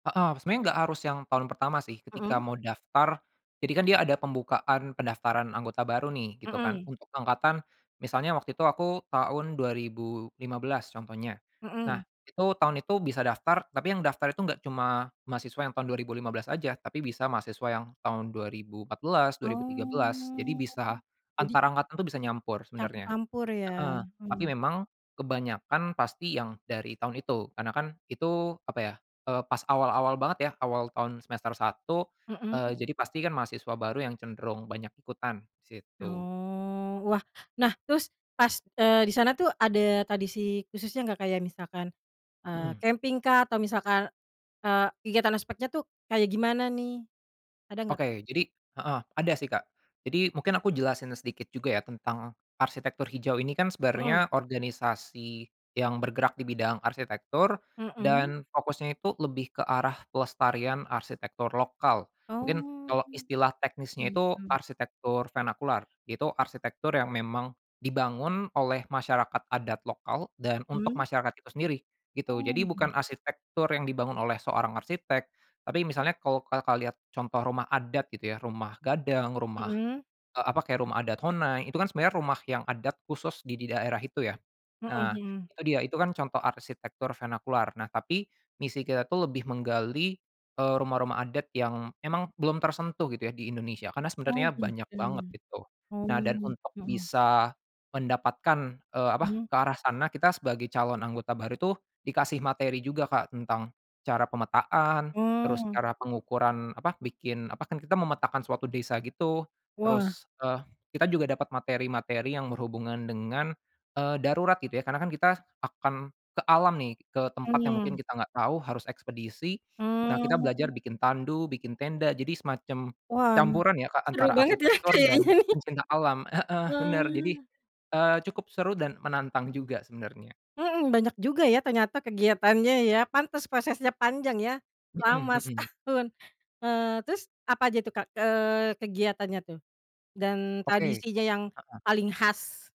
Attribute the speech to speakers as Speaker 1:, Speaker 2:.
Speaker 1: Heeh. Sebenarnya nggak harus yang tahun pertama sih ketika
Speaker 2: Mhm.
Speaker 1: mau daftar. Jadi kan dia ada pembukaan pendaftaran anggota baru nih, gitu kan.
Speaker 2: Mmm.
Speaker 1: Untuk angkatan, misalnya waktu itu aku tahun 2015, contohnya. Nah,
Speaker 2: Mmm.
Speaker 1: itu tahun itu bisa daftar, tapi yang daftar itu nggak cuma mahasiswa yang tahun 2015 aja, tapi bisa mahasiswa yang tahun 2014, 2013. Jadi
Speaker 2: Oh,
Speaker 1: bisa
Speaker 2: jadi
Speaker 1: antar angkatan itu bisa nyampur, sebenarnya.
Speaker 2: Campur-campur ya.
Speaker 1: Heeh. Tapi
Speaker 2: Hmm.
Speaker 1: memang, kebanyakan pasti yang dari tahun itu. Karena kan, itu apa ya, eee, pas awal-awal banget ya. Awal tahun semester 1,
Speaker 2: Mhm.
Speaker 1: eee, jadi pasti kan mahasiswa baru yang cenderung banyak ikutan situ.
Speaker 2: Oh. Wah. Nah, terus pas, eee, di sana tuh ada tradisi khususnya nggak? Kayak misalkan, eee,
Speaker 1: Mhm.
Speaker 2: camping-kah? Atau misalkan, eee, kegiatan aspeknya tuh, kayak gimana nih? Ada nggak, Kak?
Speaker 1: Oke. Jadi heeh, ada sih, Kak. Jadi, mungkin aku jelasin sedikit juga ya tentang arsitektur hijau ini kan
Speaker 2: Heeh.
Speaker 1: sebenarnya organisasi yang bergerak di bidang arsitektur,
Speaker 2: Hmm.
Speaker 1: dan fokusnya itu lebih ke arah pelestarian arsitektur lokal. Mungkin
Speaker 2: Oh,
Speaker 1: kalau istilah teknisnya itu,
Speaker 2: gitu.
Speaker 1: arsitektur vernakular. Itu arsitektur yang memang dibangun oleh masyarakat adat lokal, dan untuk
Speaker 2: Mmm.
Speaker 1: masyarakat itu sendiri, gitu. Jadi bukan
Speaker 2: Oh.
Speaker 1: arsitektur yang dibangun oleh seorang arsitek. Tapi misalnya kalau Kakak lihat contoh rumah adat, gitu ya. Rumah Gadang, rumah,
Speaker 2: Mhm.
Speaker 1: eee, apa kayak rumah adat Honai, itu kan sebenarnya rumah yang adat khusus di di daerah itu ya.
Speaker 2: Heeh
Speaker 1: Nah,
Speaker 2: heeh.
Speaker 1: itu dia, itu kan contoh arsitektur venakular. Nah tapi, misi kita tuh lebih menggali, eee, rumah-rumah adat yang emang belum tersentuh gitu ya di Indonesia, karena
Speaker 2: Oh,
Speaker 1: sebenarnya banyak
Speaker 2: gitu ya.
Speaker 1: banget itu.
Speaker 2: Oh.
Speaker 1: Nah dan untuk
Speaker 2: Heeh.
Speaker 1: bisa mendapatkan, eee, apa,
Speaker 2: Mhm.
Speaker 1: ke arah sana, kita sebagai calon anggota baru tuh dikasih materi juga, Kak. Tentang cara pemetaan, terus
Speaker 2: Oh.
Speaker 1: cara pengukuran apa, bikin apa kan kita memetakan suatu desa gitu.
Speaker 2: Wah.
Speaker 1: Terus, eee, kita juga dapat materi-materi yang berhubungan dengan, eee, darurat gitu ya. Karena kan kita akan ke alam nih, ke tempat yang mungkin
Speaker 2: Mmm.
Speaker 1: kita enggak tahu harus ekspedisi. Nah kita belajar
Speaker 2: Oh.
Speaker 1: bikin tandu, bikin tenda. Jadi semacam
Speaker 2: Wah.
Speaker 1: campuran ya, Kak,
Speaker 2: Seru
Speaker 1: antara
Speaker 2: banget ya
Speaker 1: arsitektur dan
Speaker 2: kayaknya nih.
Speaker 1: pencinta alam. Heeh, bener. Jadi,
Speaker 2: Wah.
Speaker 1: eee, cukup seru dan menantang juga sebenarnya.
Speaker 2: Hmm, banyak juga ya ternyata kegiatannya ya. Pantas prosesnya panjang ya.
Speaker 1: Mhm,
Speaker 2: Lama,
Speaker 1: hmm.
Speaker 2: setahun. Eee, terus apa aja tuh, Kak, eee, kegiatannya tuh dan,
Speaker 1: Oke.
Speaker 2: tradisinya yang
Speaker 1: Heeh.
Speaker 2: paling khas?